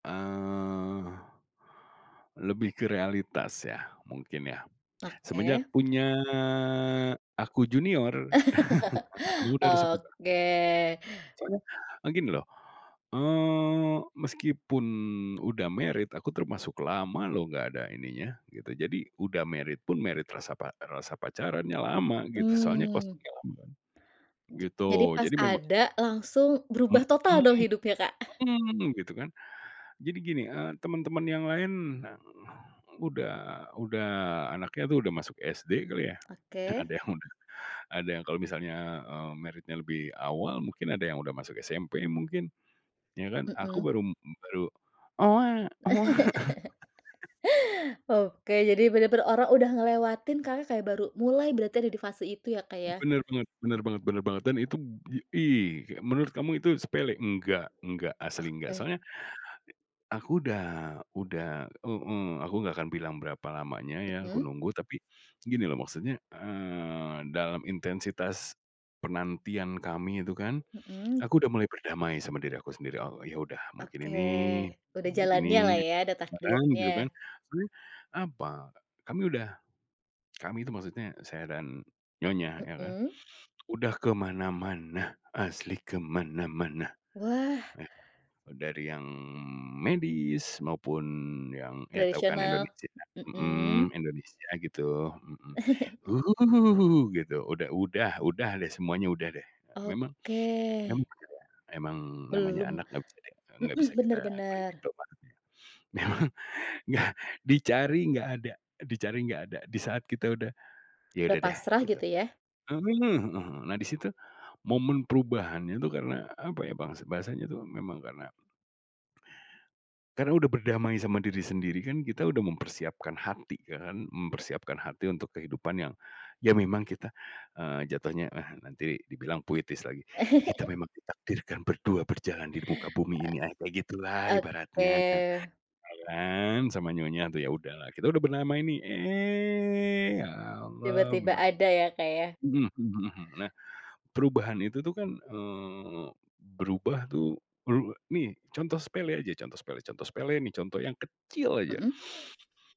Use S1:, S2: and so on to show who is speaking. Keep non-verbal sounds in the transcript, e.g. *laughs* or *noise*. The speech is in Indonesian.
S1: Eee, lebih ke realitas, ya, mungkin, ya. Semenjak
S2: Oke.
S1: punya aku junior. *chuckles* Nah.
S2: *laughs*
S1: *unintelligible*
S2: Oke.
S1: Soalnya, eee, gini loh, eee, meskipun udah married, aku termasuk lama loh nggak ada ininya gitu, jadi udah married pun married rasa pa rasa pacarannya lama gitu, soalnya
S2: Mmm.
S1: kosongnya lama
S2: Ja jadi
S1: gitu,
S2: pas
S1: jadi memang
S2: ada langsung berubah
S1: Mhm,
S2: total dong hidupnya Kak. *chuckles*
S1: mhm, gitu, kan. Jadi gini, eee, temen-temen yang lain udah udah anaknya, tuh, udah masuk SD kali, ya.
S2: Oke.
S1: Ada yang udah ada yang kalau misalnya, eee, married-nya lebih awal mungkin ada yang udah masuk SMP mungkin, ya, kan? Aku
S2: Mhm.
S1: baru m m baru.
S2: *laughs*
S1: *chuckles*
S2: Oke, jadi bener-bener orang udah ngelewatin, Kakak kayak baru mulai berarti ada di fase itu, ya, Kak,
S1: M
S2: ya.
S1: bener bener bener banget bener banget. Dan itub ih, kayak menurut kamu itu sepele, enggak enggak, asli enggak.
S2: Oke.
S1: Soalnya, aku udah udah heeh, aku nggak akan bilang berapa lamanya, ya, aku
S2: Mhm.
S1: nunggu, tapi gini loh maksudnya, eee, dalam intensitas penantian kami itu, kan,
S2: Mhm.
S1: aku udah mulai berdamai sama diri aku sendiri, oh, ya, udah mungkin
S2: Oke,
S1: ini
S2: udah jalannyalah,
S1: begini,
S2: ya, udah
S1: kadang
S2: takdirnya.
S1: gitu, kan. Soalnya apa, kami udah kami, tuh, maksudnya saya dan nyonya, ya, kan,
S2: Mhm.
S1: udah ke mana-mana, asli ke mana-mana,
S2: Wah.
S1: eh, sudah dari yang medis, maupun yang, ya, tahu, kan,
S2: Tradisional,
S1: Indonesia mhm,
S2: mhm.
S1: Indonesia gitu, mhm,
S2: *chuckles*
S1: gitu udah udah udah, deh, semuanya udah, deh. Memang
S2: Oke.
S1: memang apa, ya, emang namanya
S2: Belum
S1: anak enggak bisa di apa, enggak
S2: mhm,
S1: bisa
S2: bener
S1: kita beli
S2: bener.
S1: Indomaret, ya. Memang nggak dicari enggak ada, dicari enggak ada. Di saat kita udah, "ya
S2: Udah
S1: udah deh,"
S2: pasrah
S1: gitu.
S2: gitu, ya.
S1: Mhm, mhm mhm. Nah di situ, momen perubahannya, tuh, karena apa, ya, bangsa bahasanya, tuh, memang karena karena udah berdamai sama diri sendiri. Kan, kita udah mempersiapkan hati, kan, mempersiapkan hati untuk kehidupan yang, ya, memang kita, eee, jatuhnya, ah, nanti dibilang puitis lagi, "Kita
S2: *chuckles*
S1: memang ditakdirkan berdua berjalan di muka bumi
S2: Eee.
S1: ini," ah, kayak gitulah
S2: oke.
S1: ibaratnya, Nah jalan sama nyonya, tuh, ya, udahlah, kita udah berdamai nih, eh ya alah,
S2: Tiba-tiba
S1: memang
S2: ada, ya, Kak, ya.
S1: mhm mhm mhm. Nah, perubahan itu, tuh, kan, eee, berubah, tuh, beru nih, contoh sepele aja, contoh sepele contoh sepele, ini contoh yang kecil aja.
S2: Mhm.